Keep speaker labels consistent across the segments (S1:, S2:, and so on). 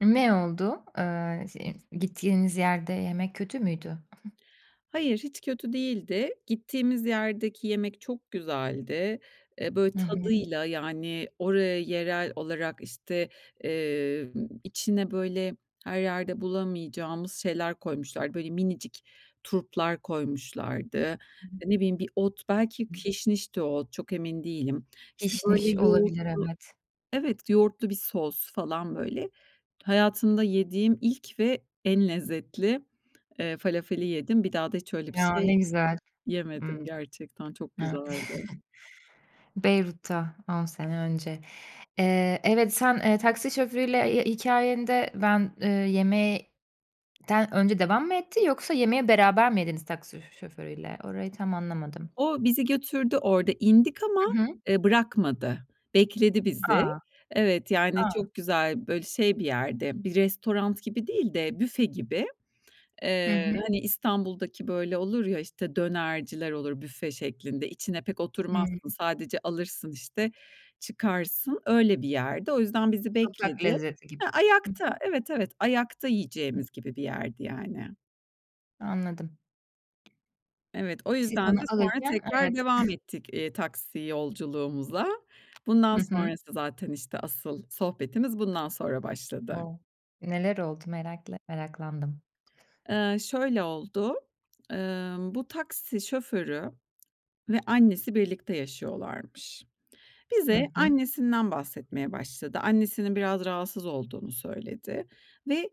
S1: Ne oldu? Eee, şey gittiğiniz yerde yemek kötü müydü? Hı.
S2: Hayır, hiç kötü değildi. Gittiğimiz yerdeki yemek çok güzeldi. E, böyle,
S1: Hı hı.
S2: tadıyla, yani, oraya yerel olarak, işte, eee, içine böyle her yerde bulamayacağımız şeyler koymuşlardı. Böyle minicik turplar koymuşlardı.
S1: Hı hı.
S2: E, ne bileyim, bir ot belki
S1: [unintelligible]
S2: kişnişti o ot, çok emin değilim. İşte, böyle,
S1: Kişniş, olabilir
S2: yoğurtlu
S1: evet.
S2: Evet yoğurtlu bir sos falan böyle, hayatımda yediğim ilk ve en lezzetli, eee, falafeli yedim. Bir daha da, hiç öyle bir
S1: Ya,
S2: şey
S1: ne güzel, Ih. Hı
S2: yemedim gerçekten çok güzeldi.
S1: Beyrut'ta 10 sene önce. Eee, evet, sen, eee, taksi şoförüyle hi hikayende, ben, eee, yemekten önce devam mı etti, yoksa yemeği beraber mi yediniz taksi sö şoförüyle? Orayı tam anlamadım.
S2: O bizi götürdü, orada indik, ama,
S1: Hı hı.
S2: ııı, bırakmadı, bekledi bizi.
S1: A!
S2: Evet, yani,
S1: A!
S2: çok güzel, böyle şey bir yerde, bir restoran gibi değil de, büfe gibi.
S1: Hı
S2: Eee,
S1: hı.
S2: hani İstanbul'daki böyle olur ya, işte, dönerciler olur büfe şeklinde, içine pek
S1: Hıı.
S2: oturmazsın. Sadece alırsın, işte, çıkarsın, öyle bir yerdi. O yüzden bizi
S1: Sokak
S2: bekledi
S1: lezzeti gibi
S2: He
S1: Hı
S2: ayakta,
S1: hı.
S2: evet, evet ayakta
S1: Hı.
S2: yiyeceğimiz gibi bir yerdi yani.
S1: Anladım.
S2: Evet, o
S1: Siz
S2: yüzden
S1: onu
S2: de sonra
S1: alırken,
S2: tekrar
S1: evet.
S2: devam ettik, iii, taksi yolculuğumuza. Bundan
S1: Hı hı.
S2: sonrası zaten işte asıl, sohbetimiz bundan sonra başladı.
S1: O, neler oldu? Merakla meraklandım.
S2: Eee, şöyle oldu: Imm, bu taksi şoförü ve annesi birlikte yaşıyorlarmış.
S1: Hı
S2: Bize,
S1: hı.
S2: annesinden bahsetmeye başladı. Annesinin biraz rahatsız olduğunu söyledi ve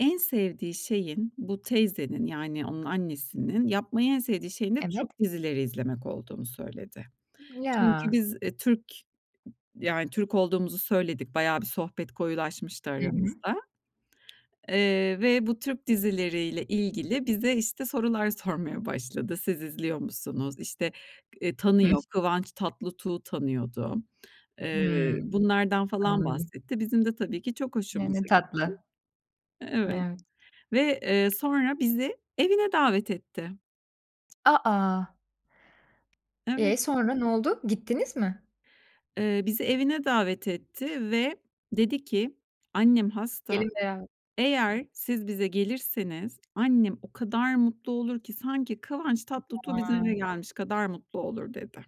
S2: en sevdiği şeyin, bu teyzenin -yani onun annesinin yapmayı en sevdiği şeyin de
S1: Evet.
S2: Türk dizileri izlemek olduğunu söyledi. Çünkü
S1: Ya.
S2: biz, e, Türk yani Türk olduğumuzu söyledik. Bayağı bir sohbet koyulaşmıştı
S1: Hı hı.
S2: aramızda. Eee, ve bu Türk dizileri ile ilgili bize, işte, sorular sormaya başladı. "Siz izliyor musunuz?" İşte eee
S1: Hıh.
S2: tanıyor Kıvanç Tatlıtuğ'u tanıyordu. Eee,
S1: Hımm.
S2: bunlardan falan
S1: Anladım.
S2: bahsetti. Bizim de tabii ki çok
S1: Hıı, ne
S2: hoşumuza gitti.
S1: tatlı.
S2: E, evet
S1: [unintelligible]
S2: ve, eee, sonra bizi evine davet etti.
S1: A, a.
S2: Evet.
S1: E sonra ne oldu? Gittiniz mi?
S2: Eee, bizi evine davet etti ve dedi ki Annem hasta.
S1: [unintelligible] Hı.
S2: Eğer siz bize gelirseniz annem o kadar mutlu olur ki, sanki Kıvanç Tatlıtuğ bizim eve
S1: Haa.
S2: gelmiş kadar mutlu olur" dedi.